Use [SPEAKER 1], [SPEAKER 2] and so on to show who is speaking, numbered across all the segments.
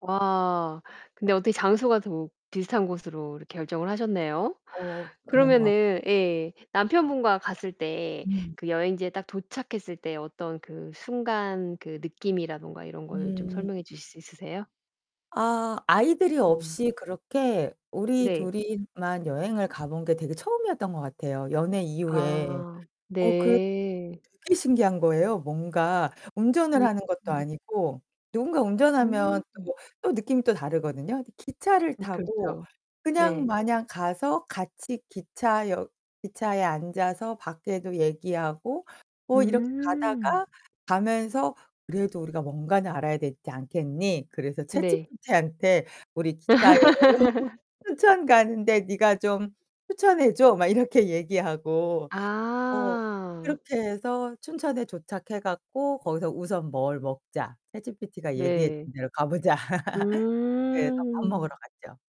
[SPEAKER 1] 와 근데 어떻게 장소가 더 비슷한 곳으로 이렇게 결정을 하셨네요.
[SPEAKER 2] 어, 그런 거
[SPEAKER 1] 그러면은 예 남편분과 갔을 때
[SPEAKER 2] 음.
[SPEAKER 1] 그 여행지에 딱 도착했을 때 어떤 그 순간 그 느낌이라든가 이런 걸 좀
[SPEAKER 2] 음.
[SPEAKER 1] 설명해 주실 수 있으세요?
[SPEAKER 2] 아 아이들이
[SPEAKER 1] 음.
[SPEAKER 2] 없이 그렇게 우리
[SPEAKER 1] 네.
[SPEAKER 2] 둘이만 여행을 가 본 게 되게 처음이었던 것 같아요 연애 이후에.
[SPEAKER 1] 아
[SPEAKER 2] 어 그
[SPEAKER 1] 네.
[SPEAKER 2] 되게 신기한 거예요. 뭔가 운전을
[SPEAKER 1] 음.
[SPEAKER 2] 하는 것도 아니고 누군가 운전하면
[SPEAKER 1] 음.
[SPEAKER 2] 또 또 느낌이 또 다르거든요. 근데 기차를
[SPEAKER 1] 음
[SPEAKER 2] 타고
[SPEAKER 1] 그렇죠.
[SPEAKER 2] 그냥
[SPEAKER 1] 네.
[SPEAKER 2] 마냥 가서 같이 기차역 기차에 앉아서 밖에도 얘기하고 뭐 이렇게
[SPEAKER 1] 음.
[SPEAKER 2] 가다가 가면서 "그래도 우리가 뭔가는 알아야 되지 않겠니?" 그래서
[SPEAKER 1] 네.
[SPEAKER 2] 챗지피티한테 "우리 기차여행으로 춘천 가는데 네가 좀 추천해 줘." 막 이렇게 얘기하고 어
[SPEAKER 1] 아.
[SPEAKER 2] 그렇게 해서 춘천에 도착해 갖고 거기서 "우선 뭘 먹자. 챗지피티가 얘기해
[SPEAKER 1] 네.
[SPEAKER 2] 준 데로 가 보자."
[SPEAKER 1] 아.
[SPEAKER 2] 그래서 밥 먹으러 갔죠.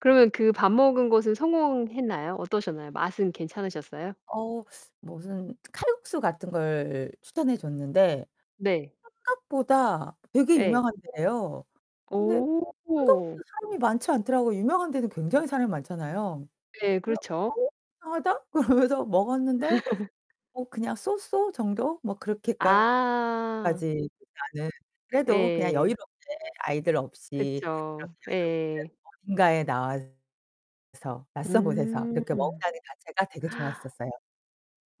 [SPEAKER 1] 그러면 그 밥 먹은 것은 성공했나요? 어떠셨나요, 맛은 괜찮으셨어요?
[SPEAKER 2] 어 무슨 칼국수 같은 걸 추천해 줬는데
[SPEAKER 1] 네.
[SPEAKER 2] 생각보다 되게
[SPEAKER 1] 예.
[SPEAKER 2] 유명한 데예요. 근데
[SPEAKER 1] 오.
[SPEAKER 2] 생각보다 사람이 많지 않더라고요. 유명한 데는 굉장히 사람이 많잖아요.
[SPEAKER 1] 네,
[SPEAKER 2] 그래서
[SPEAKER 1] 그렇죠.
[SPEAKER 2] '어 이상하다?' 그러면서 먹었는데 뭐 그냥 So So 정도 뭐 그렇게까지
[SPEAKER 1] 아.
[SPEAKER 2] 나는 그래도 그냥
[SPEAKER 1] 예.
[SPEAKER 2] 여유롭게 아이들 없이
[SPEAKER 1] 그쵸.
[SPEAKER 2] 이렇게 여유롭게
[SPEAKER 1] 예.
[SPEAKER 2] 어딘가에 나와서 낯선 곳에서 이렇게
[SPEAKER 1] 음.
[SPEAKER 2] 먹는다는 자체가 되게 좋았었어요.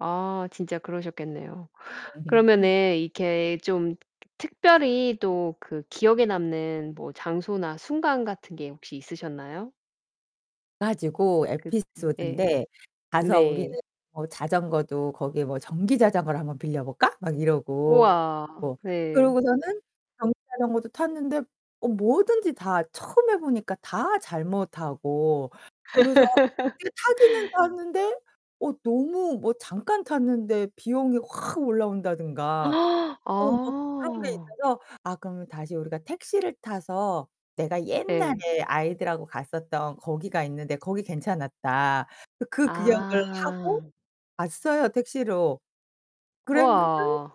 [SPEAKER 1] 아 진짜 그러셨겠네요. 그러면은 이렇게 좀 트 트 특별히 또 그 기억에 남는 뭐 장소나 순간 같은 게 혹시 있으셨나요?
[SPEAKER 2] 가지고
[SPEAKER 1] 그 네.
[SPEAKER 2] 에피소드인데 가서 우리는
[SPEAKER 1] 네.
[SPEAKER 2] 뭐 자전거도 거기에 뭐 "전기 자전거를 한번 빌려 볼까?" 막 이러고
[SPEAKER 1] 우와. 네.
[SPEAKER 2] 그러고서는 전기 자전거도 탔는데 어 뭐든지 다 처음 해 보니까 다 잘못 하고 그래서 [unintelligible] 타기는 탔는데 어 너무 뭐 잠깐 탔는데 비용이 확 올라온다든가 어 뭐 그런 게
[SPEAKER 1] 아.
[SPEAKER 2] 있어서 "아 그러면 다시 우리가 택시를 타서 내가
[SPEAKER 1] 예.
[SPEAKER 2] 옛날에 아이들하고 갔었던 거기가 있는데 거기 괜찮았다." 그 기억을 하고
[SPEAKER 1] 아.
[SPEAKER 2] 왔어요 택시로. 그랬는데
[SPEAKER 1] 우와.